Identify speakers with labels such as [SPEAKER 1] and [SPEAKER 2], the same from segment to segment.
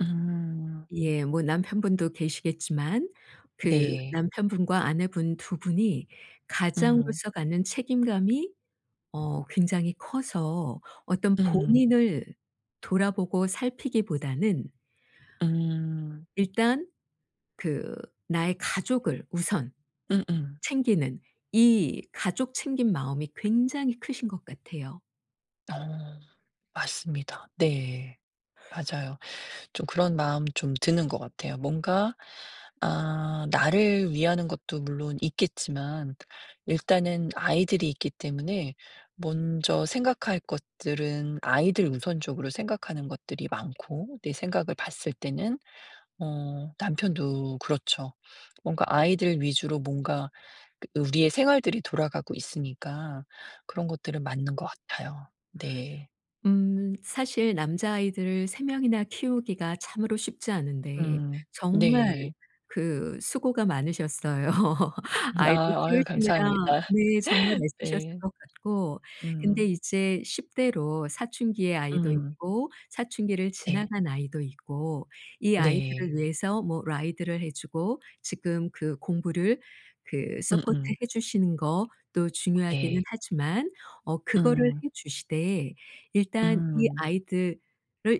[SPEAKER 1] 음.
[SPEAKER 2] 예. 뭐 남편분도 계시겠지만 그
[SPEAKER 1] 네.
[SPEAKER 2] 남편분과 아내분 2 분이
[SPEAKER 1] 음.
[SPEAKER 2] 가장으로서 갖는 책임감이 어 굉장히 커서 어떤
[SPEAKER 1] 음.
[SPEAKER 2] 본인을 돌아보고 살피기보다는
[SPEAKER 1] 음.
[SPEAKER 2] 일단 그 나의 가족을 우선
[SPEAKER 1] 음음.
[SPEAKER 2] 챙기는 이 가족 챙김 마음이 굉장히 크신 것 같아요.
[SPEAKER 1] 어. 맞습니다. 네. 맞아요. 좀 그런 마음이 좀 드는 것 같아요. 뭔가 아 나를 위하는 것도 물론 있겠지만 일단은 아이들이 있기 때문에 먼저 생각할 것들은 아이들 우선적으로 생각하는 것들이 많고 내 생각을 봤을 때는 어 남편도 그렇죠. 뭔가 아이들 위주로 뭔가 우리의 생활들이 돌아가고 있으니까 그런 것들은 맞는 것 같아요. 네.
[SPEAKER 2] 음. 사실 남자아이들을 3 명이나 키우기가 참으로 쉽지 않은데
[SPEAKER 1] 음.
[SPEAKER 2] 정말
[SPEAKER 1] 네.
[SPEAKER 2] 그 수고가 많으셨어요. 아이들
[SPEAKER 1] 아. 아유
[SPEAKER 2] 키우시느라
[SPEAKER 1] 감사합니다.
[SPEAKER 2] 네 정말 애쓰셨을
[SPEAKER 1] 네.
[SPEAKER 2] 것 같고 근데
[SPEAKER 1] 음.
[SPEAKER 2] 이제 10 대로 사춘기의 아이도
[SPEAKER 1] 음.
[SPEAKER 2] 있고 사춘기를
[SPEAKER 1] 네.
[SPEAKER 2] 지나간 아이도 있고 이
[SPEAKER 1] 네.
[SPEAKER 2] 아이들을 위해서 뭐 ride를 해 주고 지금 그 공부를 그
[SPEAKER 1] 응응.
[SPEAKER 2] 서포트해 주시는 것도 중요하기는
[SPEAKER 1] 네.
[SPEAKER 2] 하지만 어 그거를
[SPEAKER 1] 음.
[SPEAKER 2] 해 주시되 일단 이
[SPEAKER 1] 음.
[SPEAKER 2] 아이들을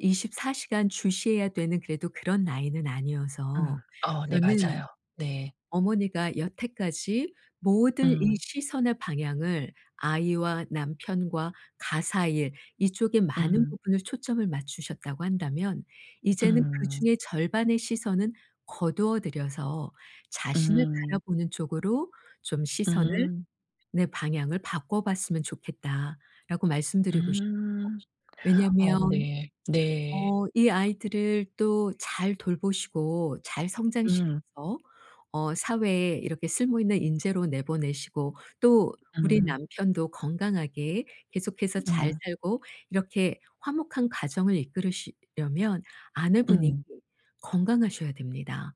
[SPEAKER 2] 24 시간 주시해야 되는 그래도 그런 나이는 아니어서
[SPEAKER 1] 음. 어 네
[SPEAKER 2] 저는
[SPEAKER 1] 맞아요. 네.
[SPEAKER 2] 어머니가 여태까지 모든 이
[SPEAKER 1] 음.
[SPEAKER 2] 시선의 방향을 아이와 남편과 가사일 이쪽에 많은
[SPEAKER 1] 음.
[SPEAKER 2] 부분을 초점을 맞추셨다고 한다면 이제는
[SPEAKER 1] 음.
[SPEAKER 2] 그중의 절반의 시선은 거두어 들여서 "자신을
[SPEAKER 1] 음.
[SPEAKER 2] 바라보는 쪽으로 좀 시선을,
[SPEAKER 1] 음.
[SPEAKER 2] 내 방향을 바꿔봤으면 좋겠다."라고 말씀드리고 싶어요.
[SPEAKER 1] 음. 어
[SPEAKER 2] 왜냐하면
[SPEAKER 1] 네. 네.
[SPEAKER 2] 어 이 아이들을 또 잘 돌보시고 잘
[SPEAKER 1] 음.
[SPEAKER 2] 성장시켜서 어 사회에 이렇게 쓸모 있는 인재로 내보내시고 또 우리
[SPEAKER 1] 음.
[SPEAKER 2] 남편도 건강하게 계속해서 잘
[SPEAKER 1] 음.
[SPEAKER 2] 살고 이렇게 화목한 가정을 이끌으시려면 아내분이
[SPEAKER 1] 음.
[SPEAKER 2] 건강하셔야 됩니다.